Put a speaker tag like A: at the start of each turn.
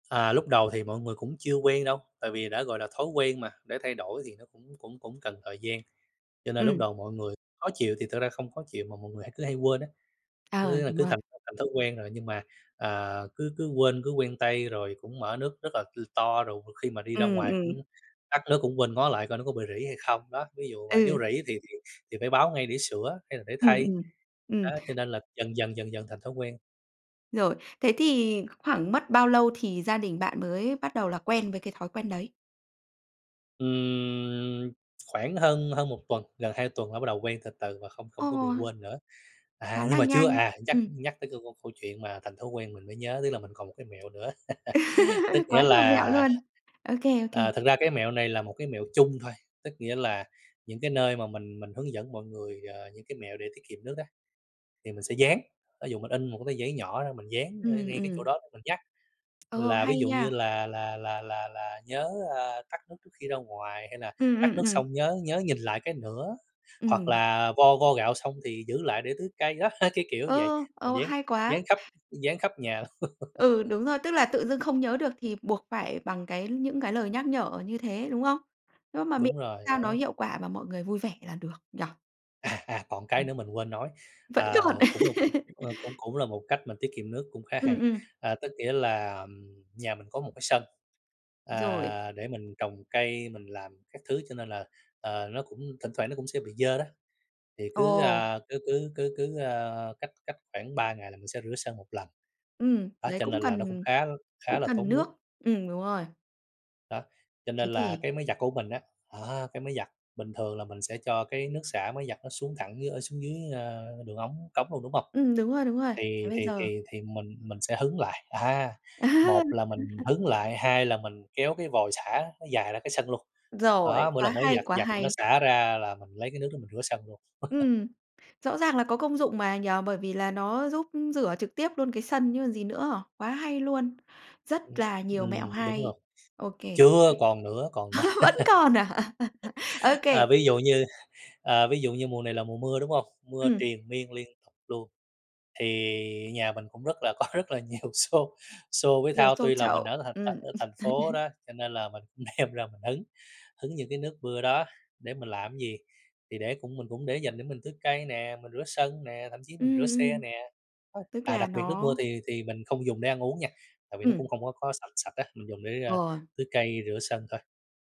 A: À, lúc đầu thì mọi người cũng chưa quen đâu, tại vì đã gọi là thói quen mà, để thay đổi thì nó cũng cũng cũng cần thời gian. Cho nên lúc
B: Ừm.
A: đầu mọi người khó chịu thì thực ra không khó chịu, mà mọi người hay cứ hay quên á.
B: Ờ,
A: Cứ, à,
B: đúng
A: cứ
B: rồi.
A: thành th thành thói quen rồi nhưng mà, à, cứ cứ quên, cứ quen tay, rồi cũng mở nước rất là, ừm, to, rồi m khi mà đi ra
B: Ừm,
A: ngoài cũng
B: ừm.
A: tắt nước cũng quên ngó lại coi nó có bị rỉ hay không, đó, ví dụ vậy. Nếu
B: Ừ.
A: rỉ thì thì thì phải báo ngay để sửa hay là để
B: Ừm,
A: thay,
B: ừm,
A: đó,
B: ừm.
A: cho nên là dần dần, dần dần thành thói quen.
B: Rồi, thế thì khoảng mất bao lâu thì gia đình bạn mới bắt đầu là quen với cái thói quen đấy?
A: Ừm, khoảng hơn hơn 1 tuần, gần 2 tuần là bắt đầu quen từ từ và không không có bị
B: Ồ!
A: quên nữa. À,
B: Khá
A: nhưng
B: là
A: mà chưa,
B: nhanh.
A: à, nhắc
B: Ừm.
A: nhắc tới cái c câu câu chuyện mà thành thói quen mình mới nhớ, tức là mình còn một cái mẹo nữa. Tức nghĩa
B: Quá nhiều mẹo
A: là,
B: luôn. Ô kê, ô
A: à,
B: kê.
A: thực ra cái mẹo này là một cái mẹo chung thôi, tức nghĩa là những cái nơi mà mình mình hướng dẫn mọi người, ờ, những cái mẹo để tiết kiệm nước á, thì mình sẽ dán. Thí dụ mình in 1 cái tờ giấy nhỏ ra mình dán ở
B: Ừm,
A: ngay cái chỗ
B: ừm.
A: đó đó mình nhắc,
B: Ờ,
A: là ví
B: hay
A: dụ như
B: nha!
A: là là là là là "Nhớ", à, "tắt nước trước khi ra ngoài." Hay là
B: Ừm,
A: "Tắt
B: ừm,
A: nước
B: ừm.
A: xong nhớ nhớ nhìn lại cái nữa." Hoặc
B: Ừm.
A: là "Vo vo gạo xong thì giữ lại để tưới cây." Đó, cái kiểu như vậy,
B: Ơ,
A: mình
B: ờ,
A: dán
B: hay quá.
A: dán khắp dán khắp nhà.
B: Ừ, đúng rồi. Tức là tự dưng không nhớ được thì buộc phải bằng cái những cái lời nhắc nhở như thế, đúng không? Nhưng mà miễn
A: Đúng rồi,
B: sao nó
A: đó.
B: hiệu quả mà mọi người vui vẻ là được, nhỉ?
A: À, à, còn cái
B: Ừm.
A: nữa mình quên nói,
B: Vẫn
A: à,
B: còn?
A: cũng là một ờ, cũng cũng là một cách mình tiết kiệm nước cũng khá hay.
B: Ừm, ừm.
A: Ờ, tức nghĩa là, ờm, nhà mình có một cái sân,
B: Rồi.
A: à, để mình trồng cây mình làm các thứ, cho nên là, ờ, nó cũng thỉnh thoảng nó cũng sẽ bị dơ đó. Thì cứ,
B: Ồ!
A: à, cứ cứ cứ cứ, ờ, cách cách khoảng 3 ngày là mình sẽ rửa sân một lần.
B: Ừm,
A: Đó,
B: đấy,
A: cho
B: cũng
A: nên là nó cũng
B: cần
A: khá l khá
B: cũng
A: là
B: cần
A: tốn
B: nước.
A: nước.
B: Ừm, đúng rồi.
A: Đó, cho
B: Thế
A: nên là
B: thì
A: cái máy giặt của mình á, đó, cái máy giặt bình thường là mình sẽ cho cái nước xả máy giặt nó xuống thẳng dưới, ờ, xuống dưới, a, đường ống cống luôn, đúng hông?
B: Ừm, đúng rồi, đúng rồi,
A: Thì
B: thế
A: thì
B: giờ
A: thì thì mình mình sẽ hứng lại, à,
B: À.
A: một là
B: Ừm,
A: mình
B: ừm.
A: hứng lại, hai là mình kéo cái vòi xả nó dài ra cái sân luôn.
B: Rồi,
A: Đó, mỗi
B: quá
A: lần máy
B: hay,
A: giặt
B: quá
A: giặt thì nó
B: hay.
A: xả ra là mình lấy cái nước đó mình rửa sân luôn.
B: Ừm, rõ ràng là có công dụng mà, nhỉ? Bởi vì là nó giúp rửa trực tiếp luôn cái sân chứ còn gì nữa. Quá hay luôn,
A: Ừm,
B: rất là nhiều mẹo
A: ừm, đúng rồi.
B: hay. Ô kê.
A: Chưa, còn nữa, còn nữa.
B: Vẫn còn à? Ô kê.
A: À, ví dụ như, à, ví dụ như mùa này là mùa mưa, đúng hông? Mưa
B: Ừm.
A: triền miên, liên tục luôn, thì nhà mình cũng rất là có rất là nhiều xô xô với
B: Nhiều
A: thau,
B: xô
A: tuy là mình
B: chậu,
A: ở thành thành
B: ừm.
A: ở thành phố đó, cho nên là mình cũng đem ra mình hứng, hứng những cái nước mưa đó, để mình làm cái gì? Thì để cũng mình cũng để dành để mình tưới cây nè, mình rửa sân nè, thậm chí mình rửa
B: Ừm,
A: xe
B: ừm.
A: nè. Ơ,
B: Tức
A: à,
B: là
A: đặc biệt nước
B: nó
A: mưa thì thì mình không dùng để ăn uống nha, tại vì nó cũng
B: Ừm.
A: không có có sạch sạch á, mình dùng để, a,
B: Rồi.
A: tưới cây, rửa sân thôi.